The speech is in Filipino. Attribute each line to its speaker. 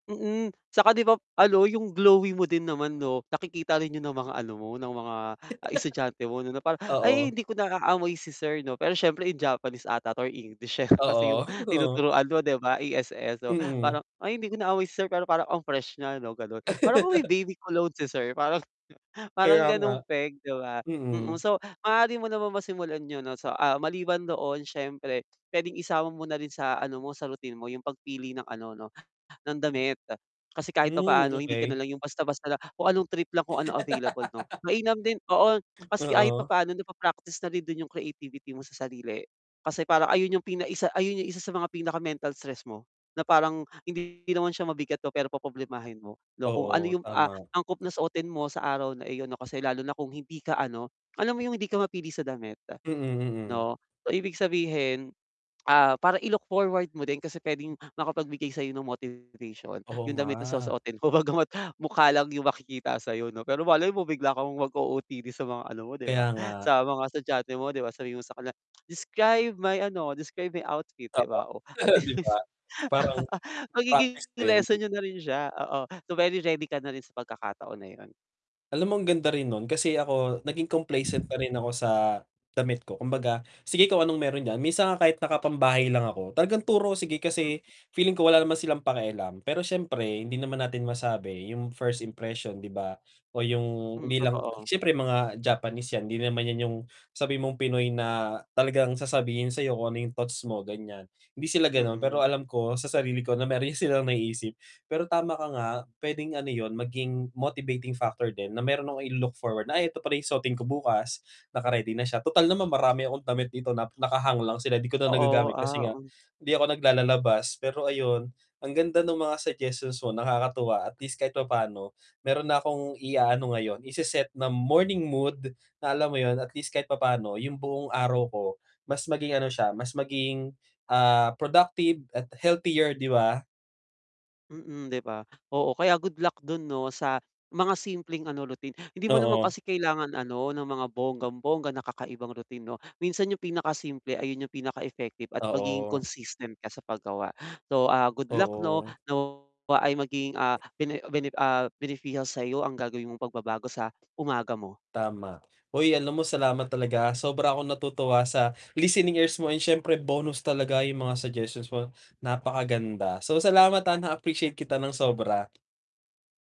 Speaker 1: Mm, tsaka 'di ba ano, yung glowy mo din naman 'no nakikita rin yun ng mga ano mo, ng mga estudyante mo 'no na parang, "Ay
Speaker 2: Oo.
Speaker 1: hindi ko naaamoy si sir 'no," pero syempre in Japanese 'ata 'to or English, eh, kasi yung
Speaker 2: Oo, oo.
Speaker 1: tinuturuan mo 'di ba ESL so
Speaker 2: Mm.
Speaker 1: parang, "Ay hindi ko na aamoy si Sir, pero parang ang fresh nya 'no," gano'n. "Parang amoy may baby cologne si Sir," parang parang
Speaker 2: Kaya nga.
Speaker 1: gano'ng peg 'di ba, mm.
Speaker 2: Mm.
Speaker 1: So, maaari mo namang masimulan yon 'no. So, ah, maliban doon siyempre puwedeng isama mo na rin sa ano mo, sa routine mo yung pagpili ng ano 'no ng damit. Kasi kahit
Speaker 2: Hmm,
Speaker 1: papaano hindi ka na
Speaker 2: okey.
Speaker 1: lang yung basta-basta na kung anong trip lang, kung ano available 'no. Mainam din oo, kasi kahit
Speaker 2: Oo.
Speaker 1: papaano napa-practice na rin dun yung creativity mo sa sarili kasi parang ayun yung pinaisa ayun yung isa sa mga pinaka-mental stress mo na parang hindi naman siya mabigat 'no, pero poproblemahin mo, 'no. Kung ano
Speaker 2: Oo,
Speaker 1: yung, ah,
Speaker 2: tama.
Speaker 1: angkop na suotin mo sa araw na iyon 'no kasi lalo na kung hindi ka ano, alam mo yung hindi ka mapili sa damit
Speaker 2: Mm, mm.
Speaker 1: 'no. Ibig sabihin, ah, para i-look forward mo din kasi puwedeng makapagbigay sa'yo nung motivation
Speaker 2: Oo
Speaker 1: yung damit na
Speaker 2: nga.
Speaker 1: susuotin mo. Bagama't mukha lang yung makikita sayo 'no, pero malay mo bigla kang mag-OOTD sa mga ano mo 'di
Speaker 2: Kaya
Speaker 1: ba,
Speaker 2: nga.
Speaker 1: sa mga studyante mo, 'di ba. Sabihin mo sa kanila, "Describe my ano, describe my outfit," 'di
Speaker 2: Oo,
Speaker 1: ba, oh, at
Speaker 2: 'di ba?
Speaker 1: least,
Speaker 2: Parang, practice
Speaker 1: magiging
Speaker 2: din.
Speaker 1: lesson niyo na rin siya, oo. So, very ready ka na rin sa pagkakataon na yun.
Speaker 2: Alam mong ganda rin nun kasi ako naging complacent na rin ako sa damit ko. Kumbaga, sige kung anong meron diyan. Minsan nga kahit nakapambahay lang ako talagang turo sige
Speaker 1: Mm.
Speaker 2: kasi feeling ko wala naman silang pakialam, pero syempre hindi naman natin masabi yung first impression 'di ba o yung
Speaker 1: Mm,
Speaker 2: hindi lang
Speaker 1: totoo.
Speaker 2: syempre mga Japanese yan 'di naman 'yan yung sabihin mong Pinoy na talagang sasabihin sa'yo kung ano yung thoughts mo, ganyan. Hindi sila ganun, pero
Speaker 1: Mm.
Speaker 2: alam ko sa sarili ko na meron silang naiisip, pero tama ka nga, puwedeng ano yun maging motivating factor din na meron akong ilu-look forward na, "Ay 'eto pala ung susuotin ko bukas, naka-ready na siya," tutal naman marami akong damit dito nap naka-hang lang sila 'di ko na
Speaker 1: Totoo,
Speaker 2: nagagamit kasi
Speaker 1: ah,
Speaker 2: nga
Speaker 1: mm.
Speaker 2: hindi ako naglalalabas. Pero ayun, ang ganda ng mga suggestions mo, nakakatuwa at least kahit papano meron na akong iaano ngayon, ise-set na morning mood na alam mo yun, at least kahit papa'no yung buong araw ko mas maging ano siya, mas maging, ah, productive at healthier 'di ba?
Speaker 1: Mm, 'di ba? Oo, kaya good luck dun 'no sa mga simpleng ano, routine. Hindi mo naman
Speaker 2: Oo.
Speaker 1: kasi kailangan ano, ng mga bonggang-bongga na kakaibang routine 'no. Minsan yung pinakasimple, ayun yung pinaka effective at magiging
Speaker 2: Oo.
Speaker 1: consistent ka sa paggawa. So, ah, good luck 'no,
Speaker 2: Oo.
Speaker 1: nawa ay maging, ah, bene bene ah, beneficial sa'yo ang gagawin mong pagbabago sa umaga mo.
Speaker 2: Tama. Hoy, alam mo salamat talaga. Sobra akong natutuwa sa listening ears mo and syempre bonus talaga yung mga suggestions mo, napakaganda. So, salamat ha na-appreciate kita ng sobra.